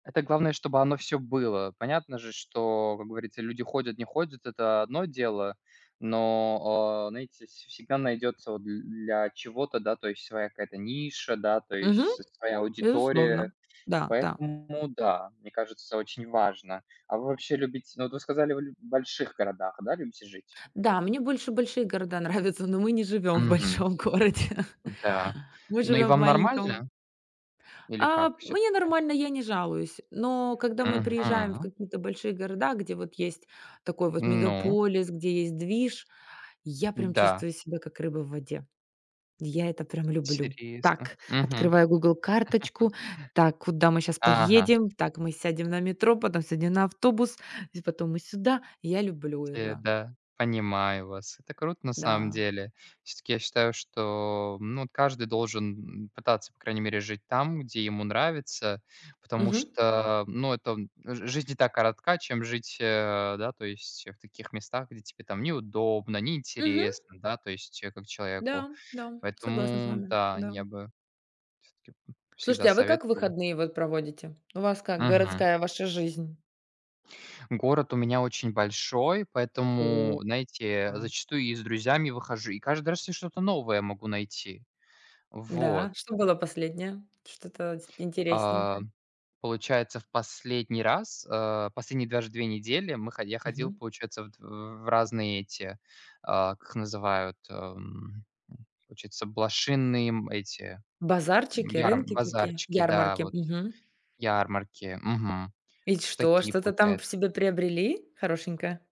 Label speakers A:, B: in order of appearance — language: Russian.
A: Это главное, чтобы оно всё было. Понятно же, что, как говорится, люди ходят не ходят, это одно дело. Но, а, знаете, вс всегда найдется вот дл для чего-то да своя какая-то ниша, да то
B: Мгм.
A: есть с своя аудитория.
B: Безусловно. Да, да.
A: Поэтому, да, мне кажется, очень важно. А вы вообще любит ну, вот вы сказали, вы лю в больших городах, да, любите жить?
B: Да, мне больше большие города нравятся, но мы не живём в
A: Мгм.
B: большом городе.
A: М-да.
B: Мы
A: Ну, и
B: живём в
A: вам
B: маленьком.
A: нормально? Или
B: А,
A: как
B: мне
A: всё-таки?
B: нормально, я не жалуюсь. Но когда мы приезжаем в
A: Мгм.
B: какие-то большие города, где вот есть такой вот
A: Ну
B: мегаполис, где есть движ, я прям
A: М-да.
B: чувствую себя как рыба в воде. Я это прям люблю.
A: Тересно
B: Так,
A: мгм.
B: открываю Google карточку. Так, куда мы щас
A: Ага.
B: поедем? Так, мы сядем на метро, потом сядем на автобус, здесь потом мы сюда. Я люблю
A: Те
B: это.
A: да понимаю вас, это круто на самом
B: Да.
A: деле. Всё-таки я считаю, что ну вот каждый должен н н пытаться по крайней мере жить там, где ему нравится. Потому
B: Мгм.
A: что ну это он ж жизнь и так коротка, чем жить, э, да то есть в таких местах, где тебе там неудобно,
B: Мгм.
A: неинтересно, да то есть как человеку.
B: Да, да, согласна с
A: Поэтому
B: вами,
A: да
B: да.
A: я бы всё-таки б всегда
B: Слушайте, а вы как
A: советовал.
B: выходные вот проводите? У вас как
A: Мгм.
B: городская ваша жизнь?
A: Город у меня очень большой,
B: О,
A: поэтому, знаете,
B: а.
A: зачастую и с друзьями выхожу, и каждый раз я что-то новое могу найти. Вот.
B: Да, что было последнее, что-то с
A: А,
B: интересненькое?
A: получается, в последний раз, э, последние даже две недели мы хо я ходил,
B: Мгм.
A: получается, вот в разные эти, а, как их называют, эм, получается блошиные, м, эти
B: Базарчики,
A: ярм
B: рынки такие,
A: базарчики, да,
B: ярмарки.
A: вот
B: Мгм.
A: ярмарки. Мгм.
B: Ведь
A: Вот в
B: что,
A: такие
B: что-то там п
A: получается.
B: себе приобрели хорошенькое?